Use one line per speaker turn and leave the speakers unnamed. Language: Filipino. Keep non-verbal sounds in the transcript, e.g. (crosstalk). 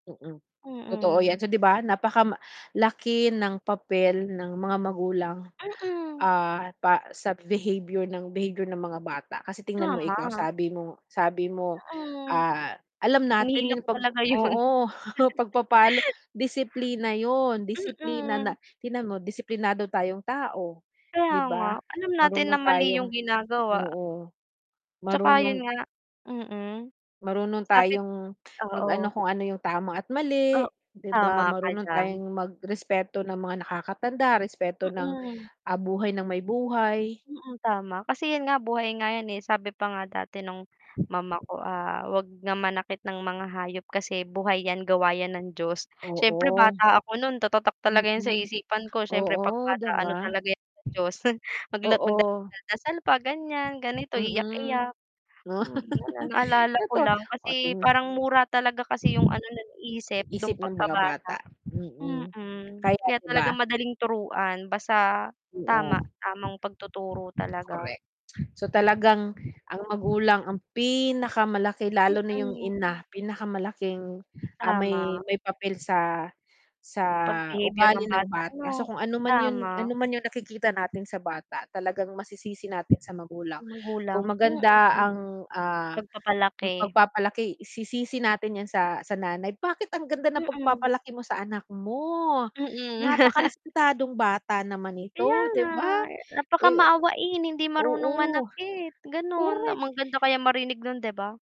Mm. Totoo
Mm.
yan. So di ba napakama laki ng papel ng mga magulang,
Mm.
ah, pa sa behavior ng behavior ng mga bata kasi tingnan mo ikaw
Tama.
sabi mo sabi mo,
Mm.
ah, alam natin
Hinihila
yun
ko
pag
talaga yun.
oo (chuckles) pagpapalo disiplina yun disiplina
Mm.
natin mo disiplinado tayong tao
Kaya
di
nga
ba
alam natin na
marunong
mali
tayong
yung ginagawa.
oo,
Tsaka 'yun
marunong
nga, mm.
marunong
Sabi
tayong mag ano
oo.
kung ano yung tama at mali
Oh
'di
tama
ba?
ka
Marunong
diyan.
tayong mag respeto ng mga nakakatanda, respeto ng
Mm.
buhay ng may buhay.
Mm, tama kasi yun nga buhay nga yan eh, sabi pa nga dati nung mama ko ah, wag na manakit ng mga hayop kasi buhay yan gawa yan ng Diyos siyempre
Oo.
bata ako nun tatatak talaga yun sa
Mm.
isipan ko. Syempre pag
Oo, 'di
bata ano
ba?
talaga yan sa Diyos (chuckles) mag
Oo.
magdasal pa ganyan ganito,
Mm.
iyak-iyak. Oo
(laughs)
naalala ko
eto.
lang
O
kasi
tin
parang mura talaga kasi yung ano naniisip dun
Isip ng mga
pagkabata.
bata, mm,
Mm,
kaya
kaya
di ba?
talagang madaling turuan basta tama
Oo.
tamang pagtuturo talaga.
Correct, so talagang ang magulang ang pinakamalaki lalo na yung
Mm.
ina, pinakamalaking, ah, may
Tama.
may papel sa, sa
Pag behavior
ugali
ng
ng
bata
bata so
ano?
kung ano man yun ano
Tama.
man yung nakikita natin sa bata, talagang masisisi natin sa magulang kung
Magulang, mm.
maganda ang, ah,
Pagpapalaki.
pagpapalaki sisisi natin yan sa sa nanay bakit ang ganda ng
Mm.
pagpapalaki mo sa anak mo
Mm. (laughs)
napakarespetadong bata naman
Kaya
ito di
nga.
ba?
Napaka
Eh
maawain hindi marunong
oo,
manakit ganun.
Correct.
Maganda kayang marinig nun di ba?